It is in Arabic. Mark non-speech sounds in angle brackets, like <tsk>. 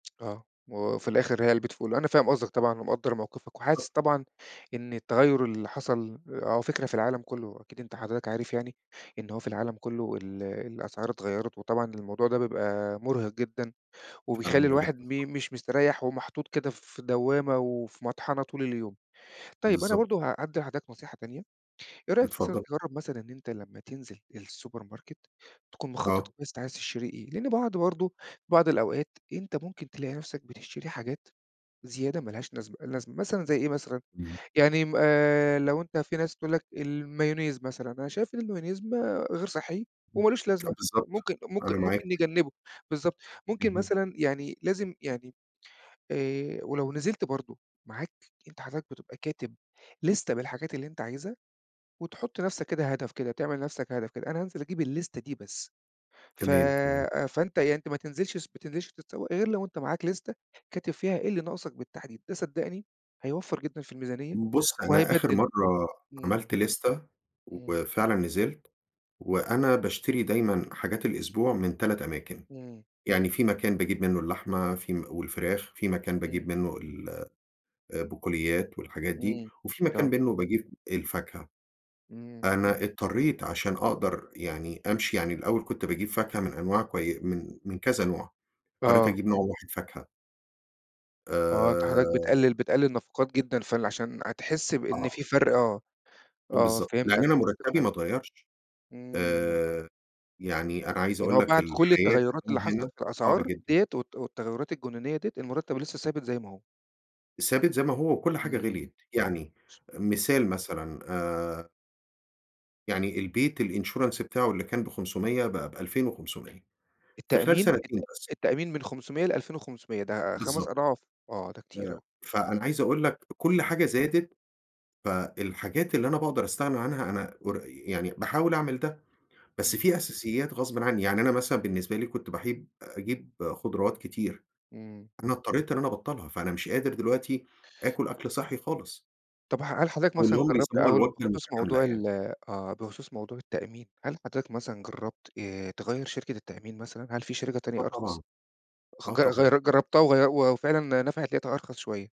آه. وفي الآخر هي علبة فول. أنا فاهم قصدك طبعًا ومقدّر موقفك، وحاسس بالضبط. طبعًا إن التغيُّر اللي حصل أو فكرة في العالم كله أكيد أنت حضرتك عارف يعني، إن هو في العالم كله ال الأسعار اتغيّرت وطبعًا الموضوع ده بيبقى مُرهق جدًا أنا وبيخلّي من الواحد الانفص م مش مستريح ومحطوط كده في دوّامة وفي مطحنة طول اليوم. طيب أنا بالضبط. برضه ه هادّي لحضرتك نصيحة تانية، إيه رأيك مثلًآ اتفضل. تجرّب مثلًا إن أنت لمّا تنزل الSupermarket، تكون مخطط آه. كويس أنت عايز تشتري إيه، لأن بعض برضه، بعض الأوقات أنت ممكن تلاقي نفسك بتشتري حاجات زيادة ما لهاش نزمة لازمة مثلًا زي إيه مثلًا <unintelligible> يعني م آآ لو أنت في ناس تقول لك المايونيز مثلًا أنا شايف إن المايونيز ما غير صحّي امم، وما لوش <tsk> آه لازمة بالضبط، ممكن ممكن أنا ممكن معاك. نجنبه بالضبط ممكن اهم. مثلًا يعني لازم يعني آآ ولو نزلت برضه معاك أنت حضرتك بتبقى كاتب لِستة بالحاجات اللي أنت عايزها، وتحُط لنفسك كده هدف كده تعمل لنفسك هدف كده أنا هانزل أجيب اللِستة دي بس، ف تمام، تمام. فأنت يعني أنت ما تنزلش السب ما تنزلش تتسوق، غير لو أنت معاك لِستة، كاتب فيها إيه اللي ناقصك بالتحديد. ده صدّقني هيوَفّر جدًا في الميزانية بُص، أنا آخر وهيبدّل مرة إمم. عملت لِستة، امم. وفعلًا نزلت، وأنا باشتري دايمًا حاجات الأسبوع من 3 أماكن، امم. يعني في مكان باجيب منه اللحمة، في م والفراخ، في مكان باجيب امم. منه ال آآ بقوليات والحاجات دي، امم. وفي مكان آه. منه باجيب الفاكهة. إمم. أنا اضطريت عشان أقدر يعني أمشي يعني الأول كنت باجيب فاكهة من أنواع كوي من من كذا نوع، اضطريت آه. أجيب نوع واحد فاكهة. آه أنت حضرتك آآ بتقلل بتقلل نفقات جدًا فال عشان هتحس بإن آه. في فرق آه، آه بالضبط. يعني فهمتك، أنا فهمتك، مُرتبي ما فهمتك. اتغيرش. امم. آآ يعني أنا عايز يعني أقول هو لك بعد كل الحياة التغيرات اللي <unintelligible> حصلِت هنا في صعبة الأسعار جدًا. ديّة والت والتغيرات الجنونية ديّة، المُرتّب لسه ثابت زي ما هو! ثابت زي ما هو، وكل حاجة امم. غِليِت، يعني امم. مثال مثلًا آآ يعني البيت الinsurance بتاعه اللي كان ب500 بقى ب2500 في خلال التأمين التأ سنتين بس. التأمين من 500 ل2500 ده 5 بالضبط. أضعاف. آه ده كتير آآ أوي. فأنا عايز أقول لك كل امم. حاجة زادت، فالحاجات اللي أنا باقدر أستغني عنها أنا ور يعني باحاول أعمل ده، بس إمم. في أساسيات غصبٍ عنّي، يعني أنا مثلًا بالنسبة لي كنت باحيب أجيب خضروات كتير، إمم. أنا اضطريت إن أنا أبَطّلها، فأنا مش قادر دلوقتي آكل أكل صحّي خالص. طَب ح هل حضرتك أو اللي مثلًا هم جرّبت يسموها أو ال الوجبة بخصوص المتكاملة موضوع يعني. ال آه، بخصوص موضوع التأمين، هل حضرتك مثلًا جرّبت آآ تغيّر شركة التأمين مثلًا؟ هل في شركة تانية آه طبعًا، أرخص؟ خ آه ج طبعًا. غيّر جربتها وغيّ وفعلًا نفعت، لقيتها أرخص شوية.